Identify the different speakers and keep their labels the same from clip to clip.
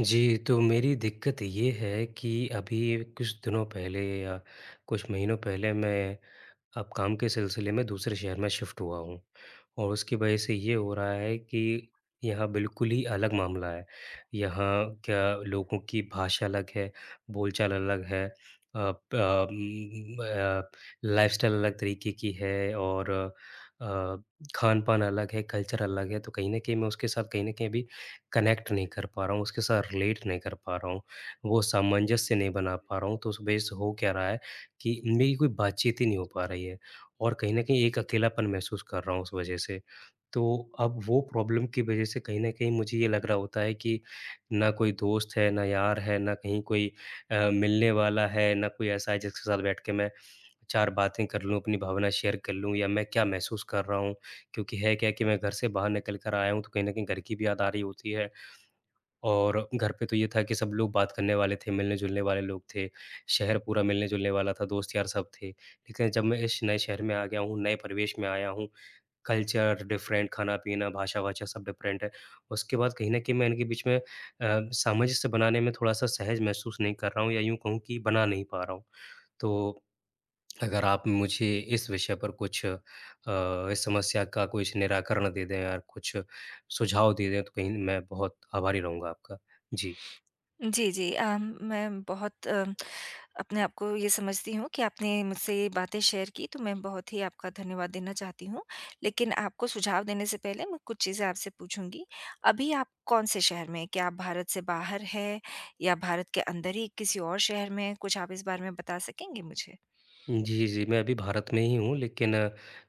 Speaker 1: जी, तो मेरी दिक़्क़त ये है कि अभी कुछ दिनों पहले या कुछ महीनों पहले मैं अब काम के सिलसिले में दूसरे शहर में शिफ्ट हुआ हूँ और उसकी वजह से ये हो रहा है कि यहाँ बिल्कुल ही अलग मामला है। यहाँ क्या लोगों की भाषा अलग है, बोलचाल अलग है अ, प म अ, लाइफस्टाइल अलग तरीक़े की है और अ, खान-पान अलग है कल्चर अलग है तो कहीं न कहीं मैं उसके साथ कहीं न कहीं भी कनेक्ट नहीं कर पा रहा हूँ, उसके साथ रीलेट नहीं कर पा रहा हूँ। वो सामंजस्य नहीं बना पा रहा हूँ तो उस वजह से हो क्या रहा है कि मेरी कोई बात-चीत ही नहीं हो पा रही है और कहीं न कहीं एक अकेलापन महसूस कर रहा हूँ उस वजह से। तो अब वो प्रॉब्लम की वजह से कहीं न कहीं मुझे ये लग रहा होता है कि ना कोई दोस्त है ना यार है ना कहीं कोई अ, मिलने वाला है ना कोई ऐसा है जिसके साथ बैठ के मैं 4 बातें कर लूँ अपनी भावना शेयर कर लूँ या मैं क्या महसूस कर रहा हूँ? क्योंकि है क्या कि मैं घर से बाहर निकल कर आया हूँ तो कहीं न कहीं घर की भी याद आ रही होती है। और घर पे तो ये था कि सब लोग बात करने वाले थे मिलने-जुलने वाले लोग थे। शहर पूरा मिलने-जुलने वाला था दोस्त-यार सब थे। लेक़िन जब मैं इस नए शहर में आ गया हूँ, नए परिवेश में आया हूँ कल्चर डिफरेंट खाना-पीना, भाषा-वाषा सब डिफरेंट है। उसके बाद कहीं न कहीं मैं इनके बीच में अ, सामंजस्य बनाने में थोड़ा-सा सहज महसूस नहीं कर रहा हूँ या यूँ कहूँ कि बना नहीं पा रहा हूँ। तो अगर आप मुझे इस विषय पर कुछ अ, इस समस्या का कुछ निराकरण दे दें या कुछ सुझाव दे दें तो कहीं मैं बहुत आभारी रहूँगा आपका। जी।
Speaker 2: जी, जी अ, मैं बहुत अ, अपने आप को ये समझती हूँ कि आपने मुझसे ये बातें शेयर की तो मैं बहुत ही आपका धन्यवाद देना चाहती हूँ। लेक़िन आपको सुझाव देने से पहले मैं कुछ चीज़ें आपसे पूछूँगी। अभी आप कौन से शहर में हैं? क्या आप भारत से बाहर हैं या भारत के अंदर ही किसी और शहर में हैं? कुछ आप इस बारे में बता सकेंगे मुझे?
Speaker 1: जी, जी मैं अभी भारत में ही हूँ लेक़िन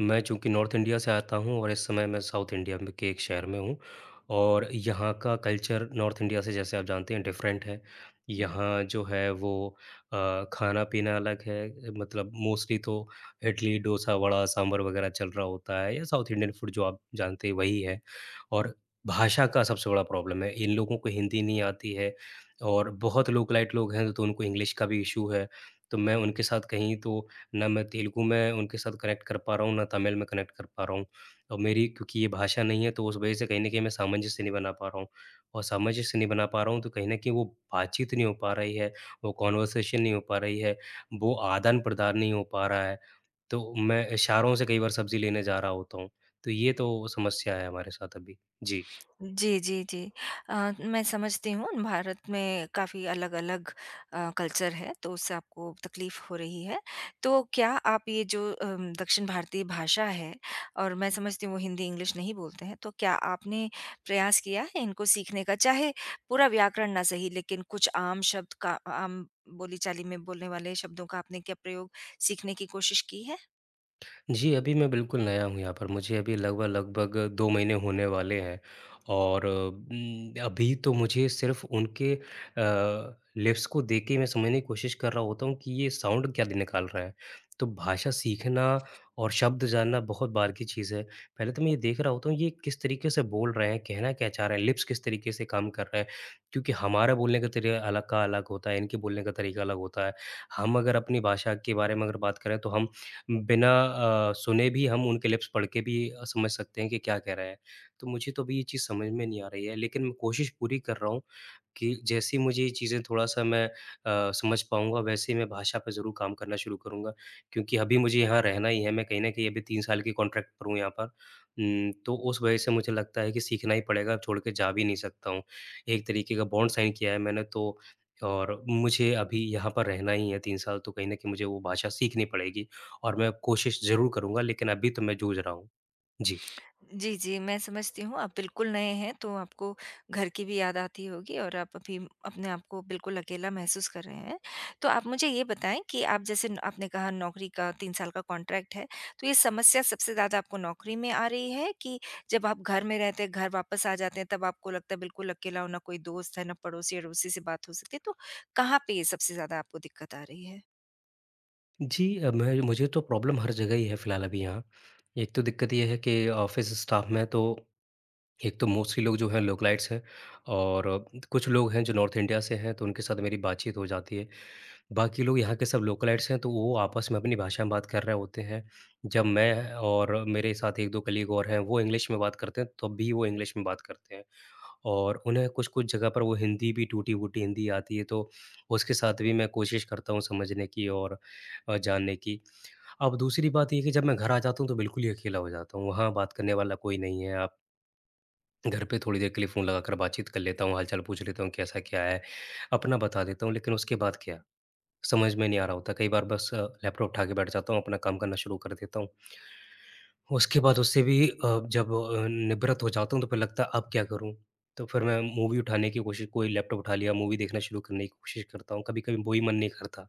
Speaker 1: मैं चूँकि नॉर्थ इंडिया से आता हूँ और इस समय मैं साउथ इंडिया में के एक शहर में हूँ और यहाँ का कल्चर नॉर्थ इंडिया से जैसे आप जानते हैं डिफरेंट है।
Speaker 2: हुँ।
Speaker 1: यहाँ जो है वो अ, खाना-पीना अलग है। मतलब मोस्टली तो इडली, दोसा, वडा, सांभर वग़ैरह चल रहा होता है, या साउथ इंडियन फूड जो आप जानते हैं वही है और भाषा का सबसे बड़ा प्रॉब्लम है, इन लोगों को हिंदी नहीं आती है और बहुत लोकेलाइट लोग हैं तो उनको इंग्लिश का भी इशू है। तो मैं उनके साथ कहीं तो ना मैं तेलुगु में उनके साथ कनेक्ट कर पा रहा हूँ, ना तमिल में कनेक्ट कर पा रहा हूँ। और मेरी क्योंकि ये भाषा नहीं है तो उस वजह से कहीं न कहीं मैं सामंजस्य नहीं बना पा रहा हूँ और सामंजस्य नहीं बना पा रहा हूँ तो कहीं न कहीं वो बातचीत नहीं हो पा रही है, वो कन्वर्सेशन नहीं हो पा रही है, वो आदान-प्रदान नहीं हो पा रहा है। तो मैं इशारों से कई बार सब्ज़ी लेने जा रहा होता हूँ। तो ये तो समस्या है हमारे साथ अभी। जी।
Speaker 2: जी, जी, जी अ, मैं समझती हूँ भारत में काफ़ी अलग-अलग अ, कल्चर है तो उससे आपको तकलीफ हो रही है। तो क्या आप ये जो अम दक्षिण भारतीय भाषा है और मैं समझती हूँ वो हिंदी इंग्लिश नहीं बोलते हैं। तो क्या आपने प्रयास किया है इनको सीखने का? चाहे पूरा व्याकरण न सही लेक़िन कुछ आम शब्द का, आम बोली-चाली में बोलने वाले शब्दों का आपने क्या प्रयोग सीखने की कोशिश की है?
Speaker 1: जी, अभी मैं बिल्कुल नया हूँ यहाँ पर। मुझे अभी लगभग-लगभग 2 महीने होने वाले हैं और उम, अभी तो मुझे सिर्फ उनके अ, लिप्स को देख के मैं समझने की कोशिश कर रहा होता हूँ कि ये साउन्ड क्या दी निकाल रहा है। तो भाषा सीखना और शब्द जानना बहुत बाद की चीज़ है। पहले तो मैं ये देख रहा होता हूँ ये किस तरीके से बोल रहे हैं, कहना क्या चाह रहे हैं, लिप्स किस तरीके से काम कर रहे हैं। क्योंकि हमारा बोलने का तरीका अलग का अलग होता है, इनके बोलने का तरीका अलग होता है। हम अगर अपनी भाषा के बारे में अगर बात करें तो हम बिना अ, सुने भी हम उनके लिप्स पढ़ के भी समझ सकते हैं कि क्या कह रहे हैं। तो मुझे तो अभी ये चीज़ समझ में नहीं आ रही है। लेकिन मैं कोशिश पूरी कर रहा हूँ कि जैसे ही मुझे ये चीजें थोड़ा-सा मैं अ, समझ पाऊँगा वैसे ही मैं भाषा पे ज़रूर काम करना शुरू करूँगा। क्योंकि अभी मुझे यहाँ रहना ही है। मैं कहीं न कहीं अभी 3 साल की कॉन्ट्रैक्ट पर हूँ यहाँ पर। उम, तो उस वजह से मुझे लगता है कि सीखना ही पड़ेगा, छोड़ के जा भी नहीं सकता हूँ। एक तरीके का बॉन्ड साइन किया है मैंने तो और मुझे अभी यहाँ पर रहना ही है 3 साल तो कहीं न कहीं मुझे वो भाषा सीखनी पड़ेगी और मैं कोशिश ज़रूर करूँगा। लेकिन अभी तो मैं जूझ रहा हूँ। जी।
Speaker 2: जी, जी। मैं समझती हूँ आप बिल्कुल नए हैं तो आपको घर की भी याद आती होगी और आप अभी अपने आप को बिल्कुल अकेला महसूस कर रहे हैं। तो आप मुझे ये बताएँ कि आप जैसे न आपने कहा नौकरी का 3 साल का कॉन्ट्रैक्ट है तो ये समस्या सबसे ज़्यादा आपको नौकरी में आ रही है कि जब आप घर में रहते हैं, घर वापस आ जाते हैं तब आपको लगता है बिल्कुल अकेला, ना कोई दोस्त है, ना पड़ोसी-अड़ोसी से बात हो सकती है। तो कहाँ पे ये सबसे ज़्यादा आपको दिक्कत आ रही है?
Speaker 1: जी, अ, मैं मुझे तो प्रॉब्लम हर जगह ही है फिलहाल अभी यहाँ, एक तो दिक्कत यह है कि अ, ऑफ़िस स्टाफ़ में तो एक तो मोस्टली लोग जो हैं लोकलाइट्स हैं, और उम कुछ लोग हैं जो नॉर्थ इंडिया से हैं तो उनके साथ मेरी बातचीत हो जाती है। बाकी लोग यहाँ के सब लोकलाइट्स हैं तो वो आपस में अपनी भाषा में बात कर रहे होते हैं। जब मैं और मेरे साथ 1-2 कलीग और हैं, वो इंग्लिश में बात करते हैं तब भी वो इंग्लिश में बात करते हैं, और उन्हें कुछ-कुछ जगह पर वो हिंदी भी टूटी-फूटी हिंदी आती है तो उसके साथ भी मैं कोशिश करता हूँ समझने की और अ, जानने की। अब दूसरी बात ये है कि जब मैं घर आ जाता हूँ, तो बिल्कुल ही अकेला हो जाता हूँ, वहाँ बात करने वाला कोई नहीं है अब। घर पे थोड़ी देर के लिए फोन लगा कर बातचीत कर लेता हूँ, हालचाल पूछ लेता हूँ कैसा क्या है अपना बता देता हूँ। लेकिन उसके बाद क्या? समझ में नहीं आ रहा होता कई बार बस अ, लैपटॉप उठा के बैठ जाता हूँ, अपना काम करना शुरू कर देता हूँ। उसके बाद उससे भी अ, जब अ, निवृत हो जाता हूँ तो फिर लगता है, अब क्या करूँ? तो फिर मैं मूवी उठाने की कोशिश कोई लैपटॉप उठा लिया, मूवी देखना शुरू करने की कोशिश करता हूँ, कभी-कभी वो भी मन नहीं करता।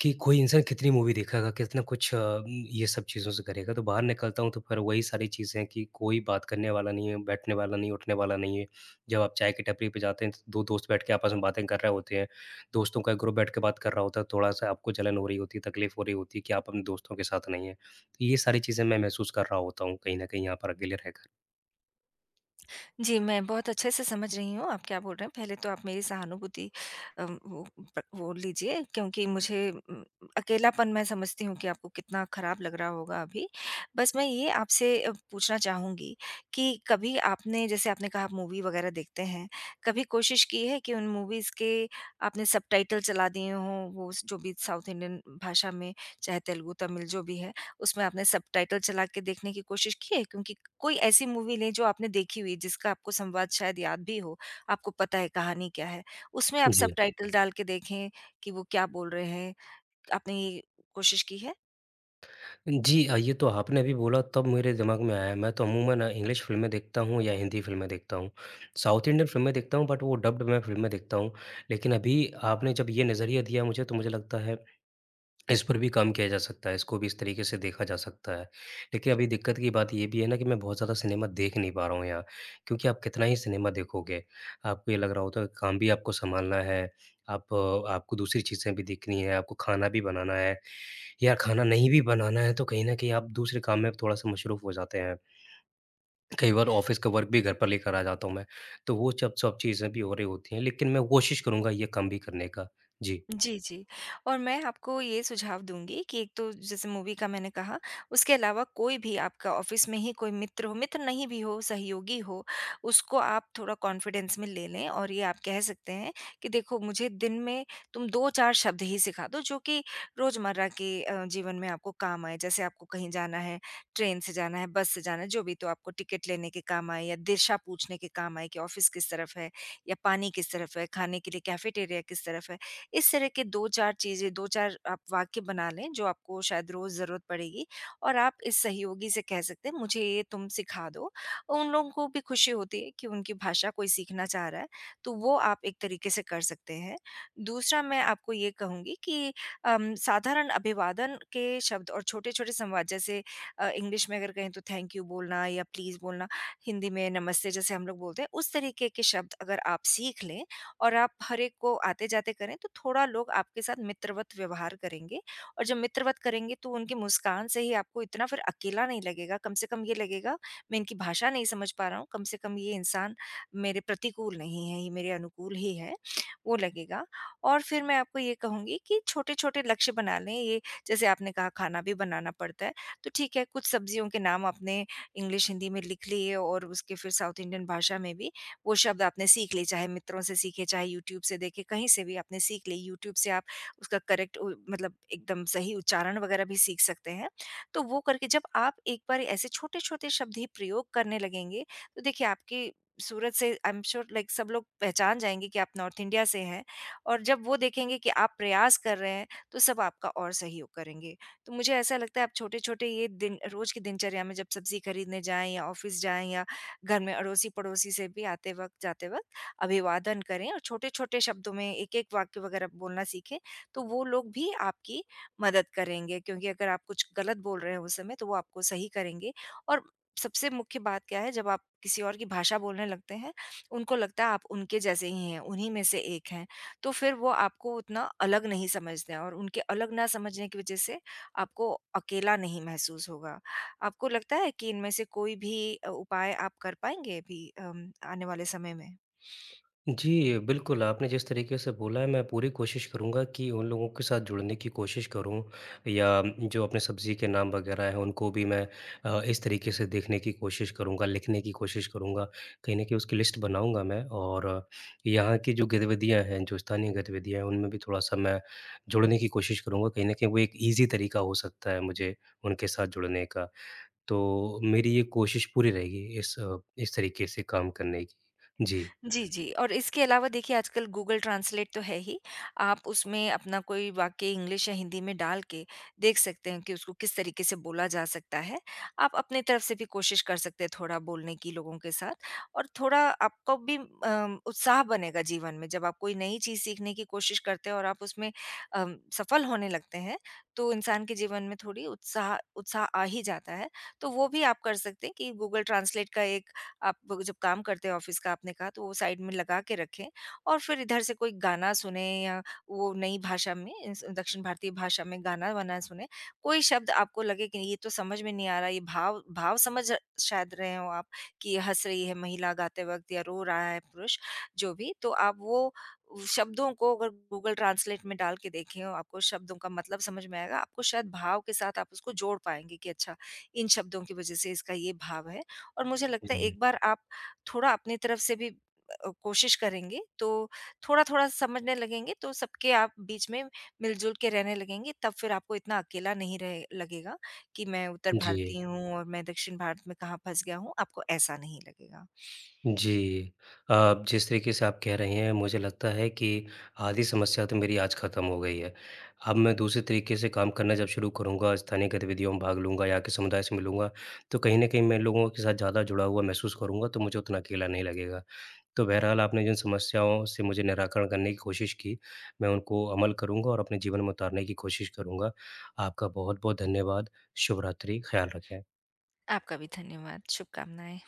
Speaker 1: कि कोई इंसान कितनी मूवी देखेगा, कितना कुछ अ, उम, ये सब चीज़ों से करेगा। तो बाहर निकलता हूँ तो फिर वही सारी चीज़ें हैं कि कोई बात करने वाला नहीं है, बैठने वाला नहीं, उठने वाला नहीं है। जब आप चाय की टपरी पे जाते हैं तो 2 दोस्त बैठ के आपस में बातें कर रहे होते हैं, दोस्तों का ग्रुप बैठ के बात कर रहा होता है। थोड़ा-सा आपको जलन हो रही होती है, तकलीफ हो रही होती है कि, आप अपने दोस्तों के साथ नहीं हैं। तो ये सारी चीज़ें मैं महसूस कर रहा होता हूँ, कहीं न कहीं यहाँ पर अकेले रहकर।
Speaker 2: जी, मैं बहुत अच्छे से समझ रही हूँ आप क्या बोल रहे हैं, पहले तो आप मेरी सहानुभूति अ, वो वो लीजिए क्योंकि मुझे अकेलापन मैं समझती हूँ कि आपको कितना खराब लग रहा होगा अभी। बस मैं ये आपसे पूछना चाहूँगी कि कभी आपने, जैसे आपने कहा मूवी वगैरह देखते हैं, कभी कोशिश की है कि उन मूवीज के आपने सबटाइटल चला दिए हों, वो जो भी साउथ इंडियन भाषा में चाहे तेलुगु, तमिल जो भी है, उसमें आपने सबटाइटल चलाके देखने की कोशिश की है? क्योंकि कोई ऐसी मूवी नहीं जो आपने देखी हुई जिसका आपको संवाद शायद याद भी हो, आपको पता है कहानी क्या है। उसमें आप
Speaker 1: जी।
Speaker 2: सबटाइटल डालके देखें कि वो क्या बोल रहे हैं, आपने ये कोशिश की है?
Speaker 1: जी। हाँ, ये तो आपने अभी बोला तब मेरे दिमाग में आया, मैं तो अमूमन अ, इंग्लिश फिल्में देखता हूँ या हिन्दी फिल्में देखता हूँ। साउथ इंडियन फिल्में देखता हूँ बट वो डब्ड में फिल्में देखता हूँ। लेकिन अभी आपने जब ये नजरिया दिया मुझे तो मुझे लगता है, इस पर भी काम किया जा सकता है। इसको भी इस तरीके से देखा जा सकता है। लेकिन अभी दिक्कत की बात ये भी है ना कि मैं बहुत ज़्यादा सिनेमा देख नहीं पा रहा हूँ यहाँ। क्योंकि आप कितना ही सिनेमा देखोगे, आपको ये लग रहा होता काम भी आपको संभालना है। आप आपको दूसरी चीजें भी देखनी हैं, आपको खाना भी बनाना है या खाना नहीं भी बनाना है तो कहीं न कहीं आप दूसरे काम में थोड़ा-सा मशरूफ हो जाते हैं। कई बार ऑफिस का वर्क भी घर पर लेकर आ जाता हूँ मैं। तो वो चब सब चीजें भी हो रही होती हैं, लेकिन मैं कोशिश करूँगा ये काम भी करने का। जी।
Speaker 2: जी, जी और मैं आपको ये सुझाव दूँगी कि एक तो जैसे मूवी का मैंने कहा, उसके अलावा कोई भी आपका ऑफिस में ही कोई मित्र हो, मित्र नहीं भी हो, सहयोगी हो, उसको आप थोड़ा कॉन्फिडेंस में ले लें और ये आप कह सकते हैं कि देखो मुझे दिन में तुम 2-4 शब्द ही सिखा दो जो कि रोज़मर्रा के अ, जीवन में आपको काम आए। जैसे आपको कहीं जाना है, ट्रेन से जाना है, बस से जाना है, जो भी तो आपको टिकट लेने के काम आए या दिशा पूछने के काम आए कि ऑफिस किस तरफ है या पानी किस तरफ है, खाने के लिए कैफेटेरिया किस तरफ है। इस तरह के 2-4 चीज़ें, 2-4 आप वाक्य बना लें जो आपको शायद रोज़ ज़रूरत पड़ेगी और आप इस सहयोगी से कह सकते हैं मुझे ये तुम सिखा दो। उन लोगों को भी खुशी होती है कि उनकी भाषा कोई सीखना चाह रहा है, तो वो आप एक तरीके से कर सकते हैं। दूसरा मैं आपको ये कहूँगी कि अ, साधारण अभिवादन के शब्द और छोटे-छोटे संवाद जैसे अ, इंग्लिश में अगर कहें तो थैंक यू बोलना या प्लीज़ बोलना, हिंदी में नमस्ते जैसे हम लोग बोलते हैं, उस तरीके के शब्द अगर आप सीख लें और आप हर एक को आते-जाते करें तो थोड़ा लोग आपके साथ मित्रवत व्यवहार करेंगे और जब मित्रवत करेंगे तो उनकी मुस्कान से ही आपको इतना फिर अकेला नहीं लगेगा। कम से कम ये लगेगा, मैं इनकी भाषा नहीं समझ पा रहा हूँ, कम से कम ये इंसान मेरे प्रतिकूल नहीं हैं, ये मेरे अनुकूल ही हैं, वो लगेगा। और फिर मैं आपको ये कहूँगी कि छोटे-छोटे लक्ष्य बना लें ये जैसे आपने कहा खाना भी बनाना पड़ता है, तो ठीक है, कुछ सब्जियों के नाम आपने इंग्लिश, हिंदी में लिख लिए और उसके फिर साउथ इंडियन भाषा में भी वो शब्द आपने सीख लिए, चाहे मित्रों से सीखे, चाहे यूट्यूब से देखें, कहीं से भी आपने सीख लिए। यूट्यूब से आप उसका करेक्ट उ मतलब एकदम सही उच्चारण वगैरह भी सीख सकते हैं। तो वो करके जब आप एक बार ऐसे छोटे-छोटे शब्द ही प्रयोग करने लगेंगे, तो देखिए आपकी सूरत से आई एम श्योर लाइक सब लोग पहचान जाएँगे कि आप नॉर्थ इंडिया से हैं और जब वो देखेंगे कि आप प्रयास कर रहे हैं तो सब आपका और सहयोग करेंगे। तो मुझे ऐसा लगता है आप छोटे-छोटे ये दिन रोज़ की दिनचर्या में जब सब्जी खरीदने जाएँ या ऑफिस जाएँ या घर में अड़ोसी-पड़ोसी से भी आते वक़्त, जाते वक़्त अभिवादन करें और छोटे-छोटे शब्दों में एक-एक वाक्य वगैरह बोलना सीखें, तो वो लोग भी आपकी मदद करेंगे क्योंकि अगर आप कुछ गलत बोल रहे हैं उस समय तो वो आपको सही करेंगे और सबसे मुख्य बात क्या है जब आप किसी और की भाषा बोलने लगते हैं, उनको लगता है आप उनके जैसे ही हैं, उन्हीं में से एक हैं तो फिर वो आपको उतना अलग नहीं समझते हैं और उनके अलग ना समझने की वजह से, आपको अकेला नहीं महसूस होगा। आपको लगता है कि इनमें से कोई भी अ, उपाय आप कर पाएँगे अभी अम, आने वाले समय में?
Speaker 1: जी बिल्कुल। आपने जिस तरीके से बोला है मैं पूरी कोशिश करूँगा कि उन लोगों के साथ जुड़ने की कोशिश करूँ, या जो अपने सब्जी के नाम वगैरह हैं उनको भी मैं अ, इस तरीके से देखने की कोशिश करूँगा, लिखने की कोशिश करूँगा। कहीं न कहीं उसकी लिस्ट बनाऊँगा मैं और यहाँ की जो गतिविधियाँ हैं, जो स्थानीय गतिविधियाँ हैं उनमें भी थोड़ा-सा मैं जुड़ने की कोशिश करूँगा। कहीं न कहीं वो एक ईजी तरीका हो सकता है मुझे उनके साथ जुड़ने का। तो मेरी ये कोशिश पूरी रहेगी इस अ, इस तरीके से काम करने की। जी।
Speaker 2: जी, जी और इसके अलावा देखिए आजकल गूगल ट्रांसलेट तो है ही, आप उसमें अपना कोई वाक्य इंग्लिश या हिंदी में डाल के देख सकते हैं कि उसको किस तरीके से बोला जा सकता है। आप अपनी तरफ से भी कोशिश कर सकते हैं थोड़ा बोलने की लोगों के साथ और थोड़ा आपको भी अ, उत्साह बनेगा जीवन में, जब आप कोई नई चीज़ सीखने की कोशिश करते हो और आप उसमें अ, सफल होने लगते हैं, तो इंसान के जीवन में थोड़ी उत्साह उत्साह आ ही जाता है। तो वो भी आप कर सकते हैं कि गूगल ट्रांसलेट का एक आप जब काम करते हो ऑफिस का आपने कहा तो वो साइड में लगा के रखें और फिर इधर से कोई गाना सुनें या वो नई भाषा में, दक्षिण भारतीय भाषा में गाना-वाना सुनें। कोई शब्द आपको लगे कि नहीं ये तो समझ में नहीं आ रहा है, ये भाव भाव समझ शायद रहे हों आप कि ये हँस रही है महिला गाते वक़्त या रो रहा है पुरुष, जो भी। तो आप वो शब्दों को अगर गूगल ट्रांसलेट में डाल के देखें, आपको शब्दों का मतलब समझ में आएगा, आपको शायद भाव के साथ आप उसको जोड़ पाएँगे कि अच्छा, इन शब्दों की वजह से इसका ये भाव है। और मुझे लगता है
Speaker 1: हुँ।
Speaker 2: एक बार आप थोड़ा अपनी तरफ से भी अ, कोशिश करेंगे, तो थोड़ा-थोड़ा समझने लगेंगे तो सबके आप बीच में मिलजुल के रहने लगेंगे तब फिर आपको इतना अकेला नहीं रहे लगेगा कि मैं उत्तर
Speaker 1: जी।
Speaker 2: भारतीय हूँ और मैं दक्षिण भारत में कहाँ फँस गया हूँ, आपको ऐसा नहीं लगेगा।
Speaker 1: जी। अ, जिस तरीके से आप कह रहे हैं मुझे लगता है कि आधी समस्या तो मेरी आज खत्म हो गई है। अब मैं दूसरे तरीके से काम करना जब शुरू करूँगा, स्थानीय गतिविधियों में भाग लूँगा या के समुदाय से मिलूँगा, तो कहीं न कहीं मैं लोगों के साथ ज़्यादा जुड़ा हुआ महसूस करूँगा तो मुझे उतना अकेला नहीं लगेगा। तो बहरहाल आपने जिन समस्याओं से मुझे निराकरण करने की कोशिश की, मैं उनको अमल करूँगा और अपने जीवन में उतारने की कोशिश करूँगा। आपका बहुत-बहुत धन्यवाद। शुभ-रात्रि, ख्याल रखें।
Speaker 2: आपका भी धन्यवाद। शुभकामनाएँ।